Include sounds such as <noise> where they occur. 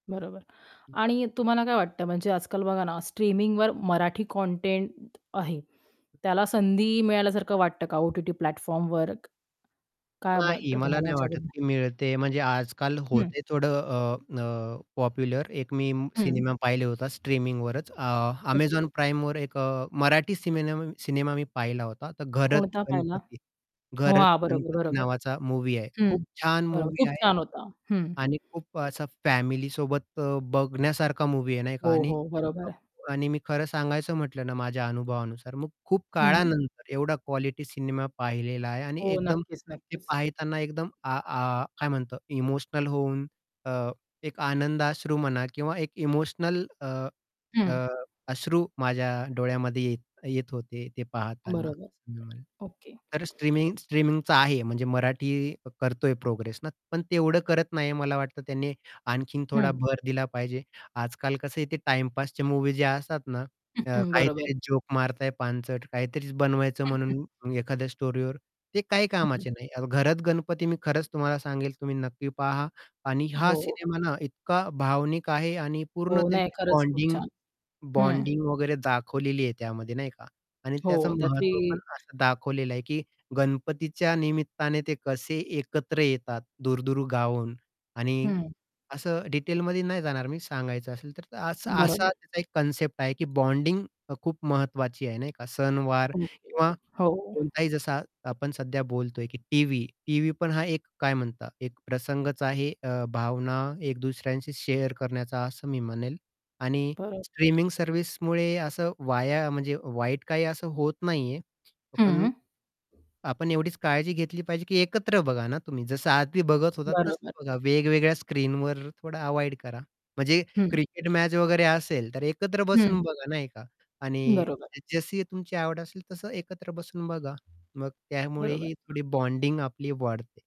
बरोबर. हं. आणि तुम्हाला काय वाटतं म्हणजे आज-काल बघा ना, स्ट्रीमिंगवर मराठी कंटेंट आहे, त्याला संधी मिळाल्यासारखं वाटतं का ओ-टी-टी प्लॅटफॉर्मवर काय नाही. वाटतं मला तुम्हाला नाही वाटत याच्याबद्दल? की मिळते. म्हणजे आज-काल हं. होते थोडं अ, अ, पॉप्युलर एक मी हं. सिनेमा पाहिले होता स्ट्रीमिंगवरच अ, ओके. Amazon Primeवर एक अ, मराठी सिमेन सिनेमा मी पाहिला होता, तर घरत कोणता पाहिला? गणपती. हो, घरत हां. बरोबर, गणपती बरोबर. नावाचा मूव्ही आहे खूप हं, छान बरोबर मूव्ही खूप आहे छान होता. हं. आणि खूप असा फॅमिलीसोबत अ, बघण्यासारखा मूव्ही आहे नाही का हो, आणि हो, बरोबर आहे. <unintelligible> आणि मी खरं सांगायचं म्हटलं ना, माझ्या अनुभवानुसार, मग खूप हं. काळानंतर एवढा क्वालिटी सिनेमा पाहिलेला आहे आणि हो, एकदम नक्कीच, ते नक्कीच. पाहताना एकदम आ आ काय म्हणतो इमोशनल होऊन अ, एक आनंदअश्रू म्हणा किंवा एक इमोशनल अ, अ, हं. अश्रू माझ्या डोळ्यामध्ये येत येत होते ते पाहताना बरोबर, असं मी म्हणेन. ओके. तर स्ट्रीमिंग स्ट्रीमिंगचा आहे म्हणजे मराठी करतोय प्रोग्रेस ना, पण तेवढं करत नाही मला वाटत त्याने आणखीन थोडा हं. भर दिला पाहिजे. आज-काल कसं आहे ते टाईमपासच्या मूव्ही जे असतात ना, <chuckles> त्या बरोबर. काहीतरी जोक मारताय पानचट, काहीतरी बनवायचं <chuckles> म्हणून एखाद्या स्टोरीवर ते काही हं, हं. कामाचे नाही. अ, घरत गणपती मी खरंच तुम्हाला सांगेल तुम्ही नक्की पहा आणि हा हो. सिनेमा ना, इतका भावनिक आहे आणि पूर्ण हो, नाही. त्यांची खरंच खूप बॉन्डिंग छान. हं. बॉन्डिंग वगैरे दाखवलेली आहे त्यामध्ये नाही का आणि हो, त्याचं त्यातली महत्त्व पण असं दाखवलेलं आहे, की गणपतीच्या निमित्ताने ते कसे एकत्र येतात दूर-दूर गावावरून आणि हं. असं डिटेलमध्ये नाही जाणार मी सांगायचं असेल तर. तर असा असा बरोबर. त्याचा एक कन्सेप्ट आहे की बॉन्डिंग अ, खूप महत्वाची आहे नाही का सण वार ओके, किंवा हो. कोणताही जसा आपण सध्या बोलतोय की टीव्ही, टीव्ही पण हा एक काय म्हणता एक प्रसंगच आहे अ, भावना एक दुसऱ्यांशी शेअर करण्याचा असं मी म्हणेल. आणि बरं. स्ट्रीमिंग सर्व्हिसमुळे असं वाया म्हणजे वाईट काही असं होत नाहीये. अ, पण हं. आपण एवढीच काळजी घेतली पाहिजे की एकत्र बघा ना, तुम्ही, जसं आदी बघत होतात तसं बरोबर. बघा. वेगवेगळ्या स्क्रीनवर थोडा अव्हॉइड करा म्हणजे हं. क्रिकेट मॅच वगैरे असेल, तर एकत्र बसून हं. बघा नाही का आणि बरोबर. जसं जशी तुमची आवड असेल, तसं एकत्र बसून बघा, मग त्यामुळे बरोबर, ही हां. थोडी बॉन्डिंग आपली वाढते.